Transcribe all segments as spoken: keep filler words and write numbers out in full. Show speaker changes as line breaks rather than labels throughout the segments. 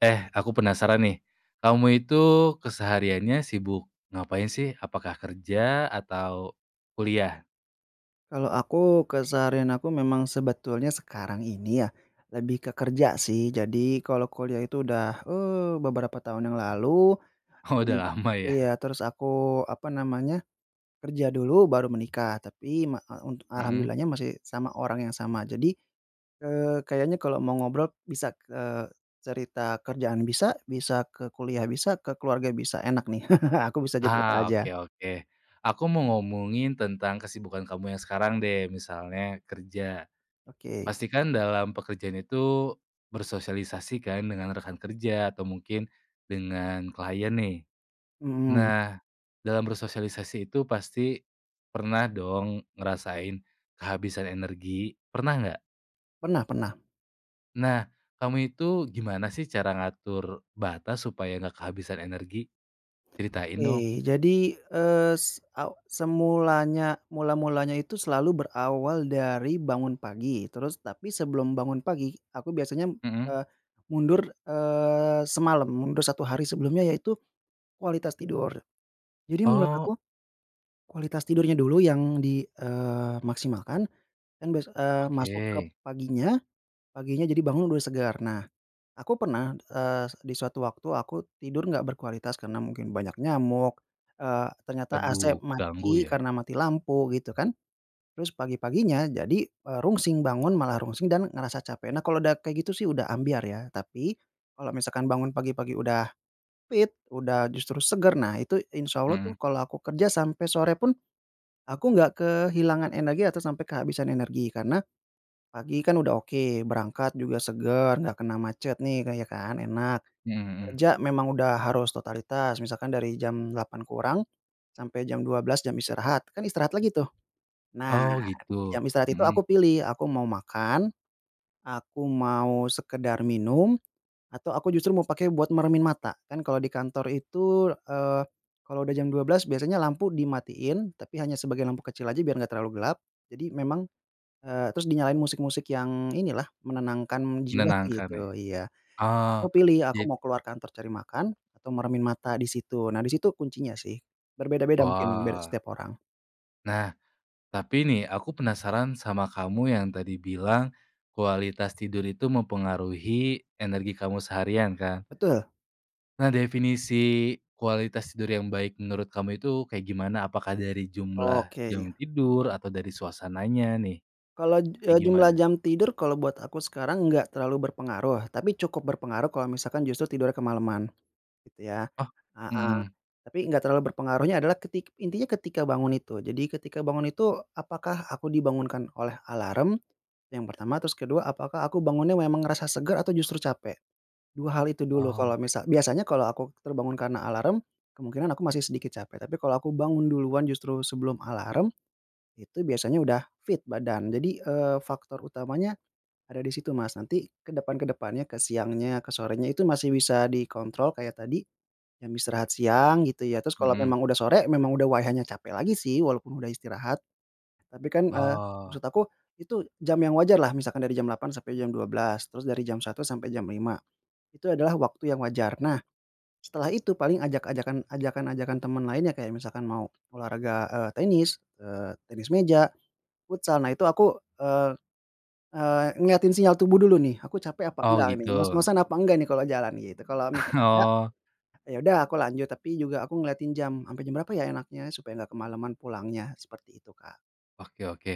Eh, aku penasaran nih. Kamu itu kesehariannya sibuk ngapain sih? Apakah kerja atau kuliah?
Kalau aku keseharian aku memang sebetulnya sekarang ini ya, lebih ke kerja sih. Jadi kalau kuliah itu udah, eee, beberapa tahun yang lalu
Oh,
e
udah lama
iya,
ya?
terus aku apa namanya, kerja dulu baru menikah. Tapi ma e unt
Mhm.
alhamdulillahnya masih sama orang yang sama, jadi, eee, kayaknya kalau mau ngobrol bisa ke cerita kerjaan bisa, bisa ke kuliah bisa, ke keluarga bisa, enak nih, aku bisa jadi apa
Hah,
aja.
oke oke. Aku mau ngomongin tentang kesibukan kamu yang sekarang deh, misalnya kerja.
Oke.
Pasti kan dalam pekerjaan itu bersosialisasi kan dengan rekan kerja atau mungkin dengan klien nih.
Mhm.
Nah, dalam bersosialisasi itu pasti pernah dong ngerasain kehabisan energi. Pernah nggak?
Pernah pernah.
Nah, kamu itu gimana sih cara ngatur batas supaya nggak kehabisan energi? Ceritain dong!
Oke. Jadi, es e semulanya mula-mulanya itu selalu berawal dari bangun pagi, terus tapi sebelum bangun pagi aku biasanya
Mhm.
eh mundur, eee, semalam, mundur satu hari sebelumnya ya itu kualitas tidur. Jadi menurut
Oh.
aku, kualitas tidurnya dulu yang di eee, maksimalkan dan bes eee, masuk ke
Oke.
paginya, paginya jadi bangun udah segar. Nah, aku pernah, eee, se di suatu waktu aku tidur nggak berkualitas karena mungkin banyak nyamuk, eee, ternyata AC
Aduh, ganggu
mati
ya?
karena mati lampu, gitu kan. Terus pagi-paginya jadi, e rungsing, bangun malah rungsing dan ngerasa capek. Nah, kalau udah kayak gitu sih udah ambyar ya. Tapi kalau misalkan bangun pagi-pagi udah fit, udah justru seger, nah itu insya Allah tuh
Mhm.
kalau aku kerja sampai sore pun aku nggak kehilangan energi atau sampai kehabisan energi. Karena pagi kan udah oke, berangkat juga seger, nggak kena macet nih, ka ya kan? Enak.
Mhm mhm.
Kerja memang udah harus totalitas, misalkan dari jam delapan kurang sampai jam dua belas jam istirahat, kan istirahat lagi tuh. Nah,
Oh
jam
gitu?
istirahat itu
Mhm.
aku pilih, aku mau makan, aku mau sekedar minum, atau aku justru mau pakai buat meremin mata. Kan kalau di kantor itu, eee, kalau udah jam dua belas biasanya lampu dimatiin tapi hanya sebagain lampu kecil aja biar nggak terlalu gelap, jadi memang, e terus dinyalain musik-musik yang inilah menenangkan jiwa
Menenangkan ya?
gitu, iya.
Oh,
Aku pilih, aku
jad
mau keluar kantor cari makan atau meremin mata di situ. Nah di situ kuncinya sih. Berbeda-beda mungkin, beda
Wah.
setiap orang.
Nah. Tapi nih aku penasaran sama kamu yang tadi bilang, kualitas tidur itu mempengaruhi energi kamu seharian kan?
Betul.
Nah, definisi kualitas tidur yang baik menurut kamu itu kayak gimana? Apakah dari jumlah
Oke, iya.
jam tidur atau dari suasananya nih?
kalod,
Kayak
eee, jumlah
gimana?
jam tidur kalau buat aku sekarang nggak terlalu berpengaruh, tapi cukup berpengaruh kalau misalkan justru tidurnya kemaleman. Itu ya,
Oh,
heeh.
mhm.
Tapi nggak terlalu berpengaruhnya adalah ketik intinya ketika bangun itu. Jadi ketika bangun itu apakah aku dibangunkan oleh alarm? Yang pertama, terus kedua, apakah aku bangunnya memang ngerasa segar atau justru capek? dua hal itu dulu. Kalo
Oh.
misa biasanya kalau aku terbangun karena alarm kemungkinan aku masih sedikit capek, tapi kalau aku bangun duluan justru sebelum alarm, itu biasanya udah fit badan. Jadi, eee, faktor utamanya ada di situ, Mas. Nanti ke depan ke depannya, ke siangnya, ke sorenya itu masih bisa dikontrol kayak tadi jam istirahat siang gitu ya. Terus kalau
Mhm.
memang udah sore memang udah waihanya capek lagi sih walaupun udah istirahat. Tapi kan, eee,
Oh.
maksud aku itu jam yang wajarlah misalkan dari jam delapan sampai jam dua belas, terus dari jam satu sampai jam lima, itu adalah waktu yang wajar. Nah, setelah itu paling ajak-ajakan ajakan-ajakan teman lainnya kayak misalkan mau olahraga, eee, tenis, eee, tenis meja, futsal. Nah itu aku, eee eee, ngeliatin sinyal tubuh dulu nih, aku capek apa
Oh
enggak nih,
gitu.
ngos-ngosan apa enggak nih kalau jalan gitu. Kalau misalnya enggak,
Oh.
ya udah aku lanjut, tapi juga aku ngeliatin jam, "Ampe jam berapa ya enaknya?" supaya enggak kemalaman pulangnya. Seperti itu, Kak.
Oke oke.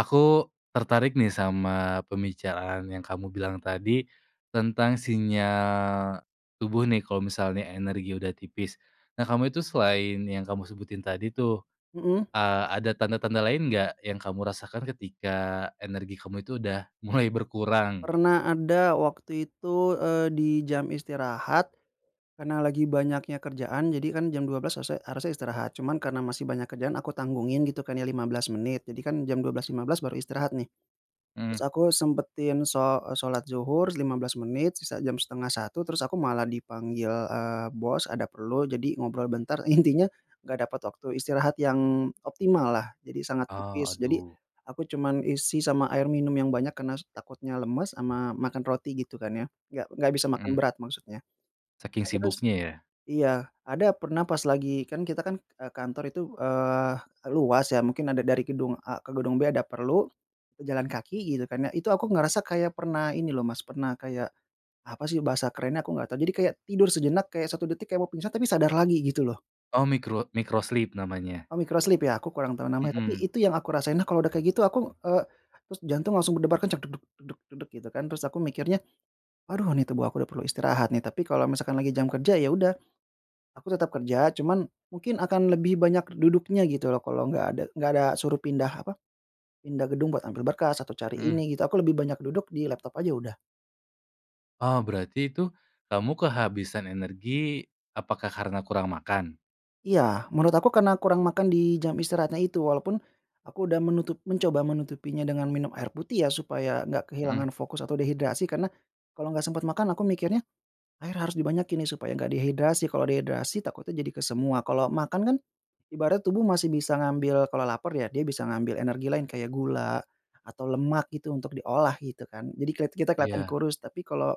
Aku tertarik nih sama pembicaraan yang kamu bilang tadi tentang sinyal tubuh nih, kalau misalnya energi udah tipis. Nah kamu itu selain yang kamu sebutin tadi tuh,
Mhm.
eee, ada tanda-tanda lain nggak yang kamu rasakan ketika energi kamu itu udah mulai berkurang?
Pernah ada waktu itu, eee, di jam istirahat karena lagi banyaknya kerjaan. Jadi kan jam dua belas sese harusnya istirahat. Cuman karena masih banyak kerjaan aku tanggungin gitu kan ya lima belas menit. Jadi kan jam dua belas lima belas baru istirahat nih. Terus
Mhm.
aku sempetin sho e sholat dzuhur lima belas menit, sisa jam setengah satu terus aku malah dipanggil, eee, bos, ada perlu. Jadi ngobrol bentar, intinya nggak dapat waktu istirahat yang optimallah. Jadi sangat
Oh,
tipis. Jadi
aduh.
aku cuman isi sama air minum yang banyak karena s takutnya lemes ama makan roti gitu kan ya, nggak nggak bisa makan
Mhm.
berat maksudnya.
Saking
Aku tus
sibuknya ya?
iya, ada pernah pas lagi kan kita kan e kantor itu, eee, luas ya. Mungkin ada dari gedung A ke gedung B, ada perlu, e jalan kaki gitu kan ya. Itu aku ngerasa kayak pernah ini loh, Mas, pernah kayak apa sih bahasa kerennya aku nggak tahu. Jadi kayak tidur sejenak kayak satu detik, kayak mau pingsan tapi sadar lagi gitu loh.
Oh, mikro mikro sleep namanya.
Oh mikro sleep ya? Aku kurang tahu namanya, tapi
Mhm.
itu yang aku rasain. Nah kalau udah kayak gitu aku, eee, terus jantung langsung berdebar kencang, dug dug dug dug, gitu kan. Terus aku mikirnya, "Aduh, nih tubuh aku udah perlu istirahat nih." Tapi kalau misalkan lagi jam kerja ya udah aku tetap kerja, cuman mungkin akan lebih banyak duduknya gitu loh kalau nggak ada nggak ada suruh pindah apa, pindah gedung buat ambil berkas atau cari
Mhm.
ini gitu. Aku lebih banyak duduk di laptop aja udah.
Oh, berarti itu kamu kehabisan energi, apakah karena kurang makan?
Iya. Menurut aku karena kurang makan di jam istirahatnya itu. Walaupun aku udah menutup mencoba menutupinya dengan minum air putih ya supaya enggak kehilangan
Mhm.
fokus atau dehidrasi, karena kalau enggak sempat makan aku mikirnya, air harus dibanyakin nih supaya enggak dehidrasi. Kalau dehidrasi takutnya jadi ke semua. Kalau makan kan ibarat tubuh masih bisa ngambil kalau lapar ya dia bisa ngambil energi lain kayak gula atau lemak gitu untuk diolah gitu kan. Jadi keliat kelihatan
Iya.
kurus, tapi kalau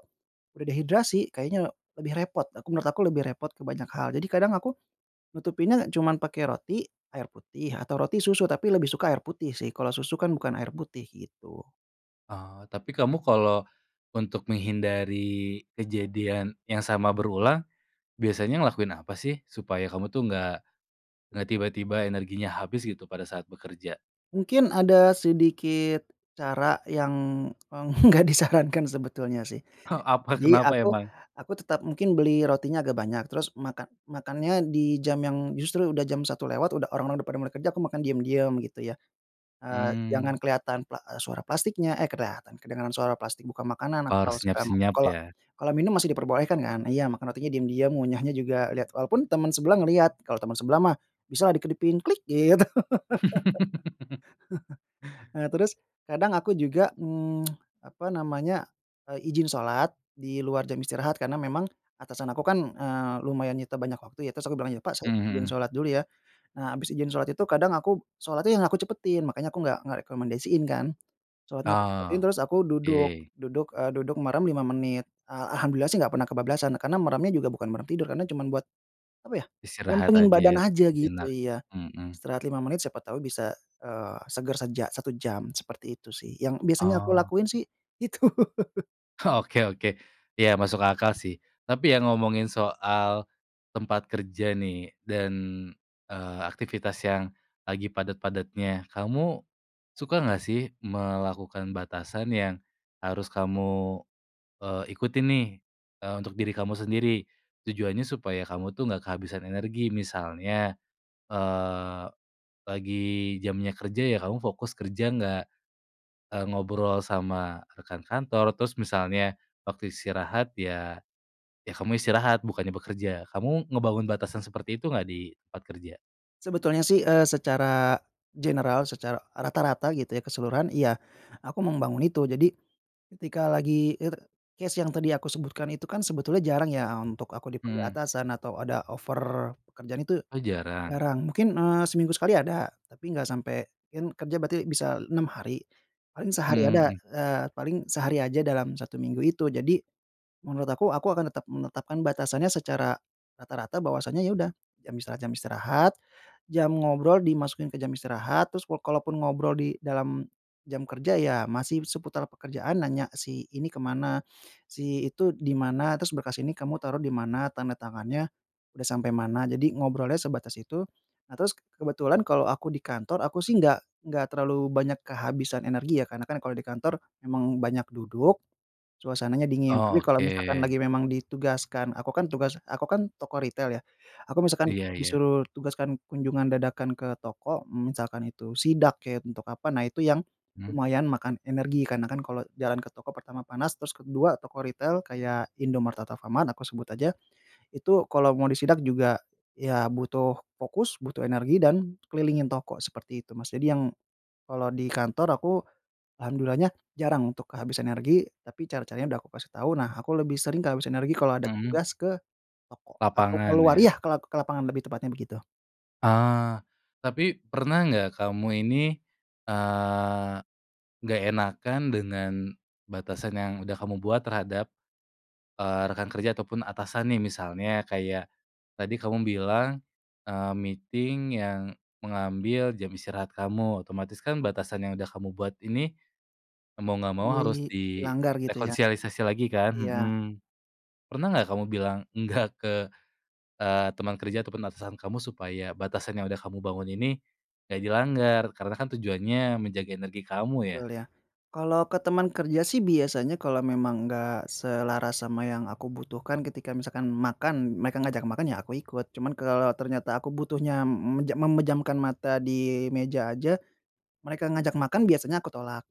udah dehidrasi, kayaknya lebih repot. Aku menurut aku lebih repot ke banyak hal. Jadi kadang aku nutupinnya cuman pakai roti, air putih, atau roti susu, tapi lebih suka air putih sih. Kalau susu kan bukan air putih gitu.
Oh, tapi kamu kalo untuk menghindari kejadian yang sama berulang biasanya ngelakuin apa sih? Supaya kamu tuh nggak, nggak tiba-tiba energinya habis gitu pada saat bekerja?
Mungkin ada sedikit cara yang enggak disarankan sebetulnya sih.
Huh, apa?
Jadi
Kenapa
aku,
emang?
aku tetap mungkin beli rotinya agak banyak, terus makan makannya di jam yang justru udah jam satu lewat, udah orang-orang udah pada mereka kerja, aku makan diem-diem gitu ya. Eee, jangan
Mmm.
kelihatan pla e suara plastiknya eh kelihatan, kedengaran suara plastik, buka makanan
Per
atau stamp.
senyap-senyap
Kalo,
ya?
kalo minum masih diperbolehkan kan? Iya makan rotinya diam-diam, ngunyahnya juga lihat. Walaupun teman sebelah ngelihat, kalau teman sebelah mah bisalah dikedipin "klik" gitu. Eee, terus kadang aku juga, mmm, apa namanya, eee, ijin shalat di luar jam istirahat. Karena memang atasan aku kan, eee, lumayan nyita banyak waktu ya. Terus aku bilang, "Ya, Pak saya
Mmm,
izin
mhm.
sholat dulu ya." Nah habis ijin sholat itu kadang aku sholatnya yang aku cepetin, makanya aku nggak nggak rekomendasiin kan. Sholatnya aku cepetin
Ah,
terus aku duduk,
yeay.
duduk, eee, duduk merem lima menit. Ah, alhamdulillah sih nggak pernah kebablasan karena meremnya juga bukan merem tidur, karena cuman buat, apa ya,
Istirahat
lempengin badan
aja,
aja gitu,
sejenak.
iya.
Mhm.
Istirahat lima menit siapa tahu bisa, eee, segar seja satu jam. Seperti itu sih, yang biasanya aku
Oh.
lakuin sih itu.
Oke oke. Ya masuk akal sih. Tapi ya ngomongin soal tempat kerja nih dan, eee, aktivitas yang lagi padat-padatnya. Kamu suka nggak sih melakukan batasan yang harus kamu, eee, ikutin nih, eee, untuk diri kamu sendiri? Tujuannya supaya kamu tuh nggak kehabisan energi. Misalnya, eee, lagi jamnya kerja ya kamu fokus kerja, nggak, eee, ngobrol sama rekan kantor. Terus misalnya waktu istirahat ya, ya kamu istirahat, bukannya bekerja. Kamu ngebangun batasan seperti itu nggak di tempat kerja?
Sebetulnya sih, eee, secara general, secara rata-rata gitu, ya, keseluruhan, iya, aku mau membangun itu. Jadi, ketika lagi it case yang tadi aku sebutkan itu kan sebetulnya jarang ya, a untuk aku dipanggil
Mmm.
atasan, atau ada offer pekerjaan itu
Oh, jarang?
jarang. Mungkin, eee, seminggu sekali ada, tapi nggak sampai kan kerja berarti bisa enam hari, paling sehari
Mhm
ada
mhm.
eee, paling sehari aja dalam satu minggu itu. Jadi, menurut aku, aku akan tetap menetapkan batasannya secara rata-rata bahwasanya, ya udah, jam istirahat, jam istirahat, jam ngobrol dimasukin ke jam istirahat, terus wo kalaupun ngobrol di dalam jam kerja, ya, masih seputar pekerjaan, nanya, "Si ini kemana? Si itu di mana? Terus berkas ini kamu taruh di mana? Tanda tangannya udah sampe mana?" Jadi, ngobrolnya sebatas itu. Nah, terus kebetulan kalo aku di kantor, aku sih nggak nggak terlalu banyak kehabisan energi ya, karena kan kalo di kantor memang banyak duduk, suasananya dingin. Tapi, kalo
Oke.
misalkan lagi memang ditugaskan aku kan tugas aku kan toko ritel, ya, aku misalkan
Iya iya.
disuruh tugaskan kunjungan dadakan ke toko, mmm, misalkan itu sidak, ya, untuk apa, nah, itu yang
Hmm.
lumayan makan energi. Karena kan kalau jalan ke toko, pertama panas, terus kedua toko ritel kayak Indomaret, atau Alfamart aku sebut aja, itu kalo mau disidak juga, ya, butuh fokus, butuh energi, dan kelilingin toko seperti itu, Mas. Jadi, yang kalo di kantor aku alhamdulillah-nya jarang untuk kehabisan energi, tapi cara-caranya udah aku kasih tahu. Nah, aku lebih sering kehabisan energi kalo ada
Mhm.
tugas ke toko atau
Lapangan,
keluar
ya?
iya, ke lak ke lapangan lebih tepatnya, begitu.
Ah! Tapi, pernah nggak kamu ini, eee, nggak enakan dengan batasan yang udah kamu buat terhadap, eee, rekan kerja, ataupun atasan nih? Misalnya, kayak tadi kamu bilang, eee, meeting yang mengambil jam istirahat kamu, otomatis kan batasan yang udah kamu buat ini, mau nggak mau harus di
Dilanggar, gitu, ya?
rekonsialisasi lagi, kan?
Iya.
Mhm. Pernah nggak kamu bilang enggak ke, eee, temen kerja, ataupun atasan kamu, supaya batasan yang udah kamu bangun ini nggak dilanggar? Karena kan tujuannya menjaga energi kamu, ya?
Betul, ya. Kalo ke teman kerja sih biasanya kalo memang enggak selaras sama yang aku butuhkan, ketika misalkan makan, mereka ngajak makan, ya, aku ikut. Cuman kalo ternyata aku butuhnya m meje memejamkan mata di meja aja, mereka ngajak makan, biasanya aku tolak.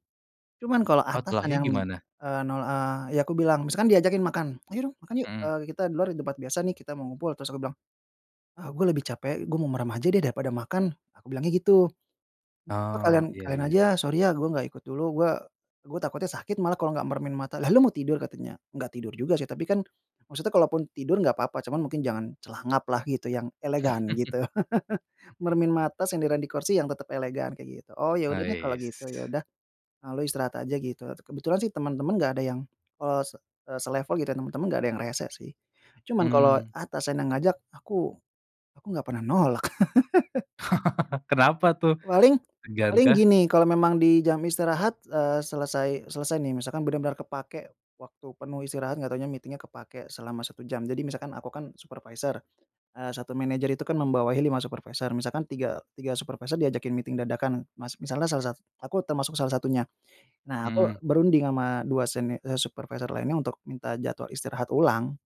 Cuman, kalo
Oh,
atasan
tolaknya
yang,
gimana?
eee, nol eee, ya, aku bilang misalkan diajakin makan, "Ayo dong, makan yuk,
Mhm.
eee, kita di luar, di tempat biasa nih, kita mau ngumpul." Terus aku bilang, "Ah, gua lebih capek. Gua mau merem aja deh daripada makan." Aku bilangnya gitu. Eh, apa, "Kalian
Oh, iya
kalian
iya.
aja, sorry ya, gua nggak ikut dulu. Gua gua takutnya sakit malah kalau nggak meremin mata." "Lah, lu mau tidur?" Katanya. "Nggak tidur juga sih, tapi kan" maksudnya kalaupun tidur nggak apa-apa. Cuman mungkin jangan celangap lah, gitu, yang elegan, gitu. Meremin mata, senderan di kursi yang tetap elegan, kayak gitu. "Oh, ya udah deh kalo
Ais.
gitu, ya, udah. Eee, lo istirahat aja." Gitu. Et kebetulan sih temen-temen enggak ada yang eee, se eee, selevel, gitu, ya. Temen-temen enggak ada yang rese sih. Cuman, kalo
Mmm.
atasan yang ngajak, aku aku nggak pernah nolak.
Kenapa, tuh?
Paling
Segan,
paling
kah?
gini, kalau memang di jam istirahat, eee, selesai selesai nih, misalkan bener-bener kepakai waktu penuh istirahat, nggak tahunya meeting-nya kepakai selama satu jam. Jadi, misalkan aku kan supervisor, eee, satu manajer itu kan membawahi lima supervisor, misalkan tiga tiga supervisor diajakin meeting dadakan, Mas. Misalnya salah sat aku termasuk salah satunya. Nah, aku
Mhm.
berunding sama dua seni eee, supervisor lainnya, untuk minta jadwal istirahat ulang.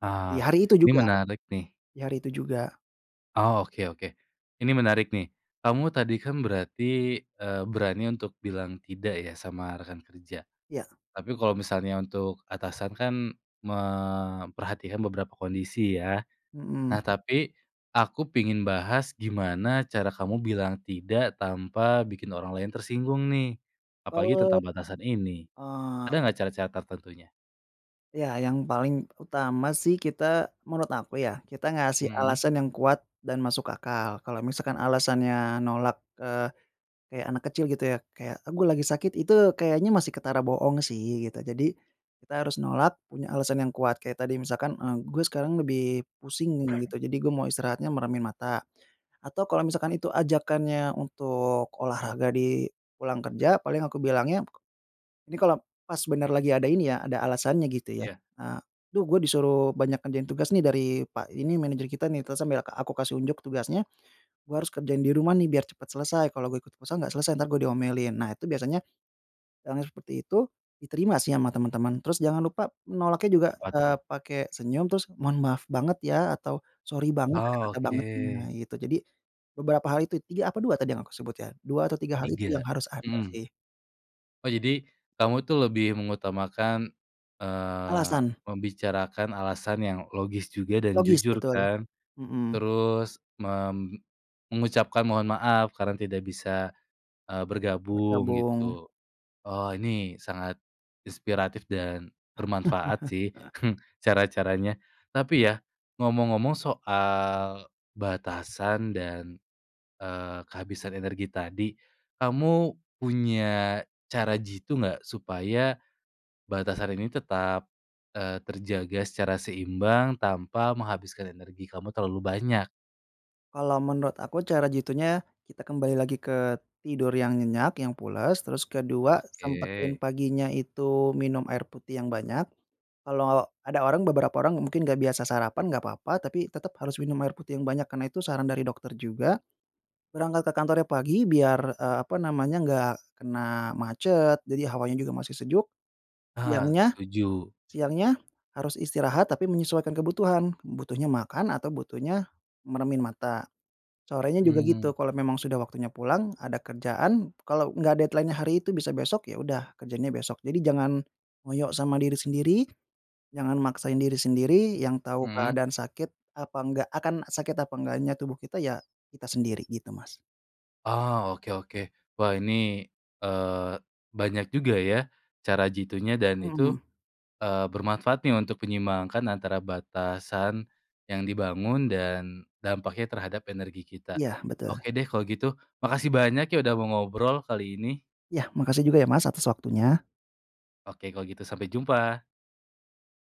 Ah,
Ya, hari itu
ini
juga.
menarik nih.
Di hari itu juga.
Oh, oke oke. Ini menarik nih. Kamu tadi kan berarti, eee, berani untuk bilang tidak, ya, sama rekan kerja?
Ya.
Tapi, kalo misalnya untuk atasan kan memperhatikan beberapa kondisi, ya? Nah,
Mhm.
tapi, aku pengin bahas gimana cara kamu bilang tidak, tanpa bikin orang lain tersinggung nih, apalagi
Oh,
tentang batasan ini.
eh
Ada nggak cara-cara tertentunya?
Ya, yang paling utama sih kita menurut aku, ya, kita ngasih
Mhm.
alasan yang kuat, dan masuk akal. Kalo misalkan alasannya nolak, eee, kayak anak kecil gitu, ya, kayak, "Eh, gua lagi sakit." Itu kayaknya masih ketara bohong sih, gitu. Jadi, kita harus nolak, punya alasan yang kuat. Kayak tadi misalkan, eee, "Gua sekarang lebih pusing nih," gitu "jadi gua mau istirahatnya meremin mata." Atau, kalo misalkan itu ajakannya untuk olahraga di pulang kerja, paling aku bilangnya ini kalo pas bener lagi ada ini ya, ada alasannya, gitu, ya,
Iya.
eee, "Duh, gue disuruh banyak ngerjain tugas nih dari Pak ini, manajer kita nih." Terus sambil ke aku kasih unjuk tugasnya, "Gua harus kerjain di rumah nih, biar cepat selesai. Kalo gue ikut futsal, nggak selesai, entar gue diomelin." Nah, itu biasanya yang seperti itu diterima sih sama temen-temen. Terus jangan lupa menolaknya juga,
Apa
eee,
tuh?
pake senyum, terus, "Mohon maaf banget, ya?" Atau, "Sorry banget." Ada
Oh,
kata bangetnya,
oke.
gitu. Jadi, beberapa hal itu, tiga, apa dua tadi yang aku sebut, ya? Dua atau tiga hal itu yang
Tiga,
harus ada
mhm.
sih.
Oh, jadi kamu itu lebih mengutamakan, eee,
Alasan.
membicarakan alasan yang logis juga, dan
Logis,
jujur,
betul.
kan?
Mhm.
Terus mem mengucapkan mohon maaf karena tidak bisa, eee, bergabung,
Bergabung.
gitu? Oh, ini sangat inspiratif, dan bermanfaat sih cara-caranya. Tapi, ya, ngomong-ngomong soal batasan, dan, eee, kehabisan energi tadi, kamu punya cara jitu nggak supaya batasan ini tetap, eee, terjaga secara seimbang, tanpa menghabiskan energi kamu terlalu banyak?
Kalau menurut aku cara jitunya, kita kembali lagi ke tidur yang nyenyak, yang pulas, terus kedua sempetin
Oke.
paginya itu minum air putih yang banyak. Kalau ada orang beberapa orang mungkin nggak biasa sarapan, enggak apa-apa, tapi tetap harus minum air putih yang banyak, karena itu saran dari dokter juga, berangkat ke kantornya pagi biar, eee, apa namanya, nggak kena macet jadi hawanya juga masih sejuk.
Ah,
Siangnya
setuju.
siangnya, harus istirahat tapi menyesuaikan kebutuhan, butuhnya makan atau butuhnya meremin mata. Sorenya juga
Mmm.
gitu, kalau memang sudah waktunya pulang, ada kerjaan, kalau enggak deadline-nya hari itu, bisa besok, ya udah kerjainnya besok. Jadi jangan, ngoyo sama diri sendiri, jangan maksain diri sendiri, yang tahu
Mhm?
keadaan sakit apa enggak akan sakit apa enggaknya tubuh kita ya, kita sendiri, gitu Mas.
Oh, oke oke. Wah ini, eee, banyak juga ya, cara jitunya dan itu,
Mmm.
eee, bermanfaat nih untuk menyeimbangkan antara batasan yang dibangun, dan dampaknya terhadap energi kita.
Iya, betul.
Oke deh kalau gitu, makasih banyak ya, udah mau ngobrol, kali ini.
Iya, makasih juga ya, Mas, atas waktunya.
Oke, kalau gitu sampai jumpa.